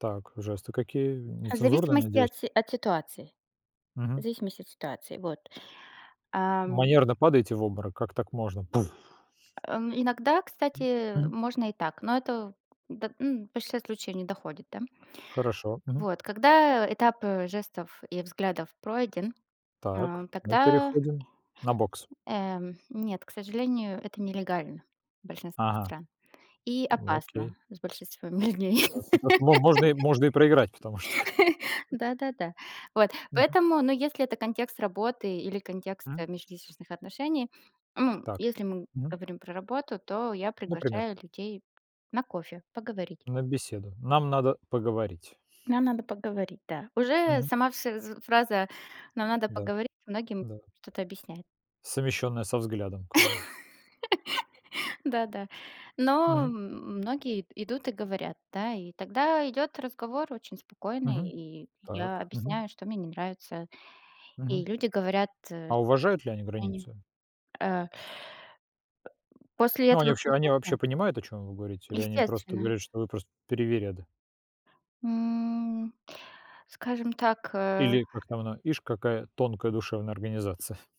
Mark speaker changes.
Speaker 1: Так, жесты какие,
Speaker 2: А, в
Speaker 1: нецензурные,
Speaker 2: зависимости
Speaker 1: надеюсь?
Speaker 2: от си от ситуации. В
Speaker 1: Мгм.
Speaker 2: зависимости от ситуации. Вот. Ам.
Speaker 1: Манерно падаете в обморок: "Как так можно?"- Пуф.
Speaker 2: Э, иногда,
Speaker 1: М,
Speaker 2: кстати,
Speaker 1: мгм.
Speaker 2: можно и так, но это, да, ну, в большинстве случаев не доходит, да, м.
Speaker 1: Хорошо. Мгм.
Speaker 2: Вот. Когда этап, э, жестов и взглядов пройден,
Speaker 1: Так,
Speaker 2: а,
Speaker 1: мы
Speaker 2: тогда
Speaker 1: переходим на бокс.
Speaker 2: эм, нет, к сожалению, это нелегально в большинстве
Speaker 1: Ага.
Speaker 2: стран и
Speaker 1: Ну,
Speaker 2: опасно
Speaker 1: окей.
Speaker 2: с большинством людей.
Speaker 1: Так, потому что мо можно и можно проиграть, потому что, как бы.
Speaker 2: Да-да-да. Вот.
Speaker 1: Мгм.
Speaker 2: Поэтому, ну, если это контекст работы или контекст, э,
Speaker 1: Мгм.
Speaker 2: межличностных отношений, м,
Speaker 1: Так.
Speaker 2: если мы
Speaker 1: Мгм.
Speaker 2: говорим про работу, то я
Speaker 1: Например.
Speaker 2: приглашаю людей на кофе, поговорить.
Speaker 1: На беседу. Нам надо поговорить.
Speaker 2: Нам надо поговорить, да. Уже
Speaker 1: Мгм.
Speaker 2: сама фз э, фраза "нам надо
Speaker 1: Да.
Speaker 2: поговорить" многим
Speaker 1: Да.
Speaker 2: что-то объясняет.
Speaker 1: Совмещённое со взглядом, как бы.
Speaker 2: Да да. Но м
Speaker 1: Мгм.
Speaker 2: многие ид идут и говорят, да. И тогда идёт разговор очень спокойный,
Speaker 1: Мгм.
Speaker 2: и я
Speaker 1: Так. Мгм.
Speaker 2: объясняю, что мне не нравится. И
Speaker 1: Мгм.
Speaker 2: люди говорят, э
Speaker 1: А уважают ли они
Speaker 2: они
Speaker 1: границы?
Speaker 2: э После
Speaker 1: Ну, они
Speaker 2: этого
Speaker 1: вообще, они вообще
Speaker 2: процесса?
Speaker 1: понимают, о чём вы говорите? Или они просто
Speaker 2: Естественно.
Speaker 1: говорят, что вы просто привереда?
Speaker 2: М, скажем так, э.
Speaker 1: Или, как там она: "Ишь, какая тонкая душевная организация".